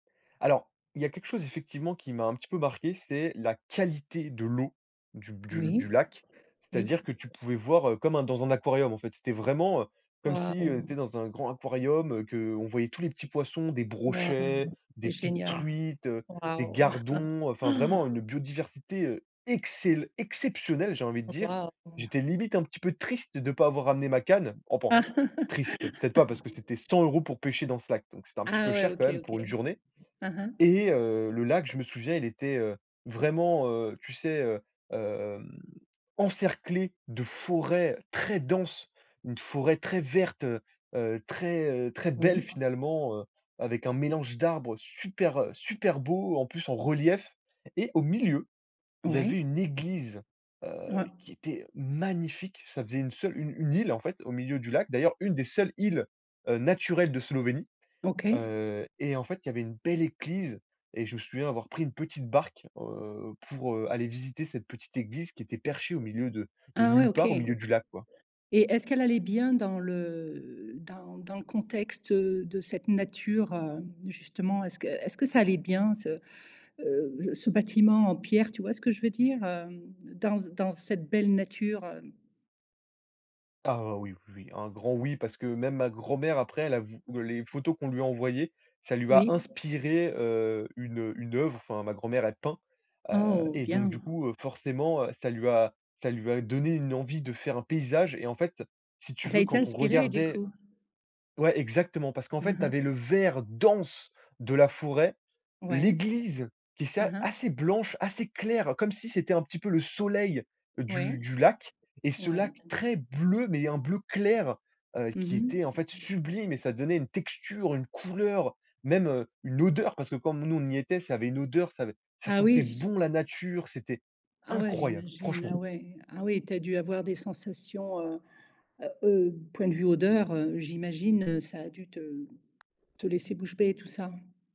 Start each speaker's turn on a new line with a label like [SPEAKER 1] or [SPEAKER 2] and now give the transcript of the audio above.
[SPEAKER 1] Alors, il y a quelque chose effectivement qui m'a un petit peu marqué, c'est la qualité de l'eau du du du
[SPEAKER 2] Oui.
[SPEAKER 1] lac.
[SPEAKER 2] Oui.
[SPEAKER 1] C'est-à-dire que tu pouvais voir, heu, comme dans un aquarium, en fait. C'était vraiment, heu, comme si, heu, tu
[SPEAKER 2] Waouh.
[SPEAKER 1] es dans un grand aquarium, heu, qu'on voyait tous les petits poissons, des brochets,
[SPEAKER 2] Waouh.
[SPEAKER 1] des
[SPEAKER 2] C'est
[SPEAKER 1] petites
[SPEAKER 2] génial.
[SPEAKER 1] truites, des
[SPEAKER 2] Waouh.
[SPEAKER 1] gardons, enfin vraiment une biodiversité, heu, excel exceptionnelle, j'ai envie de dire.
[SPEAKER 2] Waouh.
[SPEAKER 1] J'étais limite un petit peu triste de pas avoir ramené ma canne, enfin, «triste», peut-être pas, parce que c'était 100 euros pour pêcher dans ce lac, donc c'était un petit
[SPEAKER 2] Ah
[SPEAKER 1] peu
[SPEAKER 2] ouais.
[SPEAKER 1] cher quand
[SPEAKER 2] OK,
[SPEAKER 1] même
[SPEAKER 2] OK.
[SPEAKER 1] pour une journée,
[SPEAKER 2] Mmh mh.
[SPEAKER 1] et heu, le lac, je me souviens, il était, heu, vraiment, heu, tu sais, heu, hem, encerclé de forêts très denses. Une forêt très verte, heu heu, très, heu, très belle
[SPEAKER 2] Oui.
[SPEAKER 1] finalement, heu, avec un mélange d'arbres super, heu, super beau. En plus en relief et au milieu, il y avait
[SPEAKER 2] Ouais.
[SPEAKER 1] une église, heu,
[SPEAKER 2] Ah.
[SPEAKER 1] qui était magnifique, ça faisait une seule, une une île en fait, au milieu du lac. D'ailleurs, une des seules îles, heu, naturelles de Slovénie.
[SPEAKER 2] OK.
[SPEAKER 1] Heu, et en fait, il y avait une belle église et je me souviens avoir pris une petite barque, heu, pour, heu, aller visiter cette petite église qui était perchée au milieu de de
[SPEAKER 2] Ah ouais,
[SPEAKER 1] nulle
[SPEAKER 2] OK,
[SPEAKER 1] part au
[SPEAKER 2] et
[SPEAKER 1] milieu du lac, quoi.
[SPEAKER 2] est-ce qu'elle allait bien dans le dans dans le contexte, heu, de cette nature, heu, justement. Est-ce que est-ce que ça allait bien, ce, heu, ce bâtiment en pierre, tu vois ce que je veux dire? Hem, dans dans cette belle nature, heu?
[SPEAKER 1] Ah oui, oui, oui. Un grand «oui», parce que même ma grand-mère après elle a vu les photos qu'on lui a envoyées. Ca lui a
[SPEAKER 2] Oui.
[SPEAKER 1] inspiré, heu, une une œuvre. Enfin, ma grand-mère, elle peint. Heu,
[SPEAKER 2] Oh!
[SPEAKER 1] et donc du
[SPEAKER 2] Bien.
[SPEAKER 1] coup, heu, forcément, heu, ça lui a ça lui a donné une envie de faire un paysage et en fait, si tu
[SPEAKER 2] Elle a
[SPEAKER 1] veux,
[SPEAKER 2] été
[SPEAKER 1] quand on
[SPEAKER 2] inspirée, du
[SPEAKER 1] regardait
[SPEAKER 2] coup.
[SPEAKER 1] ouais, exactement. Parce qu'en
[SPEAKER 2] Mmh
[SPEAKER 1] fait, tu
[SPEAKER 2] mh.
[SPEAKER 1] avais le vert dense de la forêt,
[SPEAKER 2] Ouais,
[SPEAKER 1] l'église qui, c'est
[SPEAKER 2] hein, hein.
[SPEAKER 1] assez blanche, assez claire, comme si c'était un petit peu le soleil
[SPEAKER 2] Ouais.
[SPEAKER 1] du du lac, et ce
[SPEAKER 2] Ouais.
[SPEAKER 1] lac très bleu, mais un bleu clair, heu,
[SPEAKER 2] Mmh
[SPEAKER 1] qui était, en
[SPEAKER 2] mh.
[SPEAKER 1] fait, sublime et ça donnait une texture, une couleur, même, une odeur, parce que comme nous on y était, ça avait une odeur, ça avait ça
[SPEAKER 2] Ah oui
[SPEAKER 1] sentait
[SPEAKER 2] j
[SPEAKER 1] bon la nature, c'était
[SPEAKER 2] Ah ouais,
[SPEAKER 1] incroyable,
[SPEAKER 2] j'imagine,
[SPEAKER 1] franchement.
[SPEAKER 2] ah ouais. Ah oui, tu as dû avoir des sensations, heu, au point de vue odeur, heu, j'imagine, heu, ça a dû te te laisser bouche bée tout ça.